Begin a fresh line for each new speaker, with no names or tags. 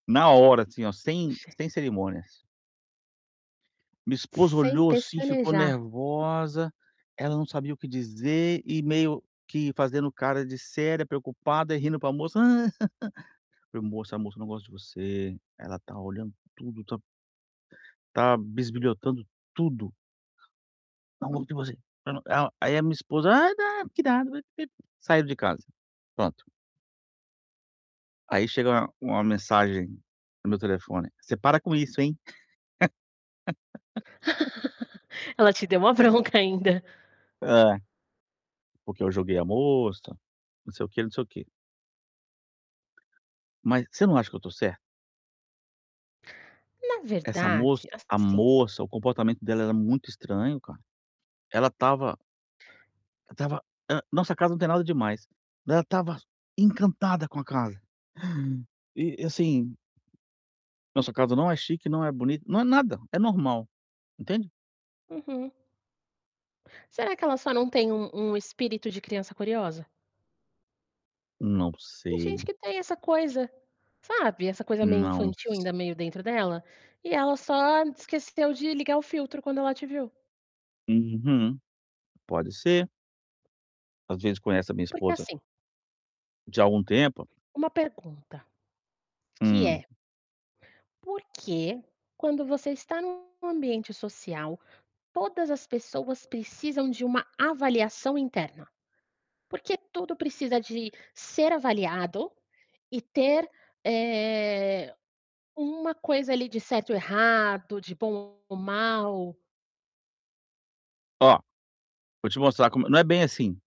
Na hora, assim, ó, sem sem cerimônias. Minha esposa
Sem
olhou assim, ficou
pestanejar.
nervosa, ela não sabia o que dizer e meio que. fazendo cara de séria, preocupada e rindo para moça. Falei: "Amor, essa moça não gosta de você, ela tá olhando tudo, tá tá bisbilhotando tudo."." [unintelligible] não não ela" Aí a minha esposa: "Ai, não! Que" [unintelligible] Saíram de casa, pronto. Aí chega uma uma mensagem no meu telefone: "Você para com isso, hein?"
Ela te deu uma bronca ainda.
É. Porque eu joguei a moça, não sei o quê, não sei o quê. Mas você não acha que eu estou certo?
Na
Essa moça,
verdade,
a
assim
moça, o comportamento dela era muito estranho, cara. Ela estava ela estava ah, nossa casa não tem nada demais, mas ela estava encantada com a casa. E e assim nossa casa não é chique, não é bonita, não é nada, é normal, entende.
Uhum. Será que ela só não tem um um "espírito de criança curiosa"?
Não
Tem gente
sei.
que tem essa coisa, sabe, essa coisa meio
Não
infantil
s
ainda meio dentro dela, e ela só esqueceu de ligar o filtro quando ela te viu.
Uhum. Pode ser. Às vezes conhece a minha
Porque,
esposa
assim
de algum tempo.
Uma pergunta, que
Hum.
é Por que, quando você está num ambiente social, todas as pessoas precisam de uma avaliação interna? Porque tudo precisa de ser avaliado e ter, eh, uma coisa ali de certo e errado, de bom ou mal?
Ó, vou te mostrar como não é bem assim.